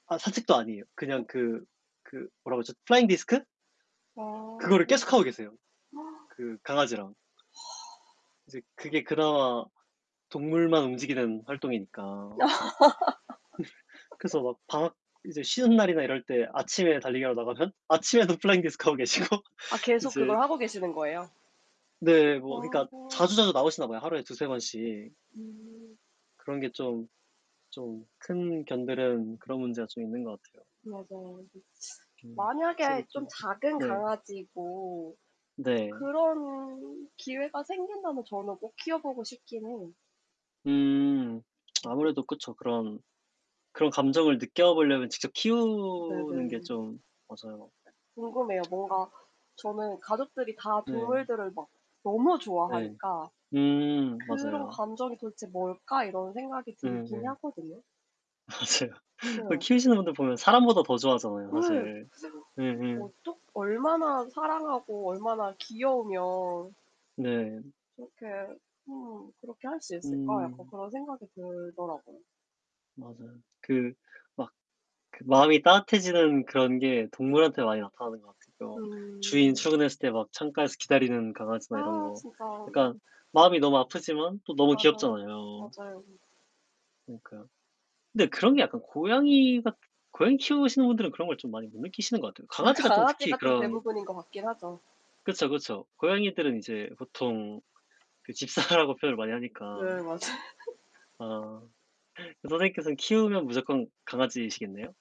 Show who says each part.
Speaker 1: 아 산책도 아니에요. 그냥
Speaker 2: 또
Speaker 1: 그 그 뭐라고 그러죠 플라잉 디스크?
Speaker 2: 아. 어.
Speaker 1: 그거를 계속 하고 계세요 그 강아지랑. 이제 그게 그나마 동물만 움직이는 활동이니까. 그래서 막 방학 이제 쉬는 날이나 이럴 때 아침에 달리기하러 나가면 아침에도 플라잉 디스크 하고 계시고
Speaker 2: 아 계속
Speaker 1: 이제
Speaker 2: 그걸 하고 계시는 거예요?
Speaker 1: 네. 뭐 그니까
Speaker 2: 와.
Speaker 1: 자주자주 나오시나 봐요 하루에 2-3 번씩.
Speaker 2: 음.
Speaker 1: 그런 게 좀, 좀 큰 견들은 그런 문제가 좀 있는 것 같아요.
Speaker 2: 맞아요. 즈 츠
Speaker 1: 좀 확실히
Speaker 2: 만약에
Speaker 1: 좀
Speaker 2: 좀 작은
Speaker 1: 네.
Speaker 2: 강아지고
Speaker 1: 네.
Speaker 2: 그런 기회가 생긴다면 저는 꼭 키워 보고 싶기는 해요.
Speaker 1: 음.
Speaker 2: 음.
Speaker 1: 아무래도 그쵸. 그런, 그런 감정을 느껴 보려면 직접 키우는 게
Speaker 2: 네네.
Speaker 1: 좀 맞아요. 네.
Speaker 2: 궁금해요.
Speaker 1: 음.
Speaker 2: 뭔가 저는 가족들이 다
Speaker 1: 네.
Speaker 2: 동물들을 막 너무
Speaker 1: 예.
Speaker 2: 좋아하니까
Speaker 1: 음
Speaker 2: '그런
Speaker 1: 맞아요.
Speaker 2: 감정이 도대체 뭘까?' 이런 생각이
Speaker 1: 음
Speaker 2: 들기는
Speaker 1: 예.
Speaker 2: 하거든요.
Speaker 1: 맞아요. 어
Speaker 2: 네.
Speaker 1: 키우시는 분들 보면 사람보다 더 좋아하잖아요,
Speaker 2: 예.
Speaker 1: 사실.
Speaker 2: 그래서
Speaker 1: 예 예.
Speaker 2: 어떻 '얼마나 사랑하고 얼마나 귀여우면'
Speaker 1: 네.
Speaker 2: '그렇게 음 그렇게 할 수 있을까?' 약간
Speaker 1: 음.
Speaker 2: 그런 생각이 들더라고요.
Speaker 1: 맞아요. 그 막 그 마음이 따뜻해지는 그런 게 동물한테 많이 나타나는 것 같으고요. 주인
Speaker 2: 음.
Speaker 1: 출근했을 때 막 창가에서 기다리는 강아지나 이런
Speaker 2: 아
Speaker 1: 거
Speaker 2: 진짜.
Speaker 1: 약간
Speaker 2: 네.
Speaker 1: 마음이 너무 아프지만 또 너무
Speaker 2: 맞아요.
Speaker 1: 귀엽잖아요.
Speaker 2: 맞아요.
Speaker 1: 그니까요. 근데 그런 게 약간 고양이 같 고양이 키우시는 분들은 그런 걸 좀 많이 못 느끼시는 것 같아요.
Speaker 2: 아
Speaker 1: 강아지가 좀 특히
Speaker 2: 강아지가 좀
Speaker 1: 그런
Speaker 2: 대부분인 것 같긴 하죠.
Speaker 1: 그쵸, 그쵸. 고양이들은 이제 보통 그 집사라고 표현을 많이 하니까.
Speaker 2: 네. 맞아요.
Speaker 1: 아. 선생님께서 키우면 무조건 강아지시겠네요?